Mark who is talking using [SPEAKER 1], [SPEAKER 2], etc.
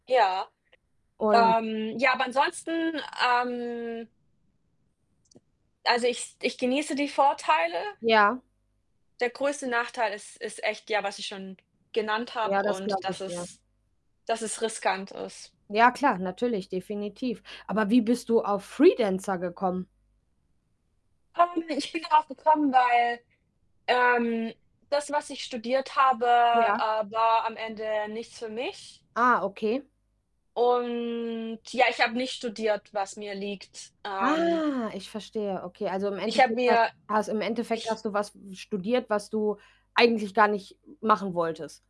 [SPEAKER 1] Ja,
[SPEAKER 2] Und
[SPEAKER 1] ähm, ja, aber ansonsten, ähm Also, ich s ich genieße die Vorteile.
[SPEAKER 2] Ja.
[SPEAKER 1] Der größte Nachteil ist ist echt ja, was ich schon genannt
[SPEAKER 2] Ja,
[SPEAKER 1] habe
[SPEAKER 2] das
[SPEAKER 1] und
[SPEAKER 2] glaube
[SPEAKER 1] dass
[SPEAKER 2] ich dir.
[SPEAKER 1] es dass es riskant ist.
[SPEAKER 2] Ja, klar, natürlich, definitiv. Aber wie bist du auf Freelancer gekommen?
[SPEAKER 1] [unintelligible] Ich bin darauf gekommen, weil ähm, das, was ich studiert habe,
[SPEAKER 2] Ja.
[SPEAKER 1] äh, war am Ende nichts für mich.
[SPEAKER 2] Ah, okay.
[SPEAKER 1] Und ja, ich habe nicht studiert, was mir liegt. Ähm
[SPEAKER 2] Ah, ich verstehe, okay. Also im
[SPEAKER 1] Ich habe
[SPEAKER 2] Endeffekt hast
[SPEAKER 1] mir
[SPEAKER 2] has Im Endeffekt
[SPEAKER 1] ich
[SPEAKER 2] hast du was w studiert, was du eigentlich gar nicht m machen wolltest.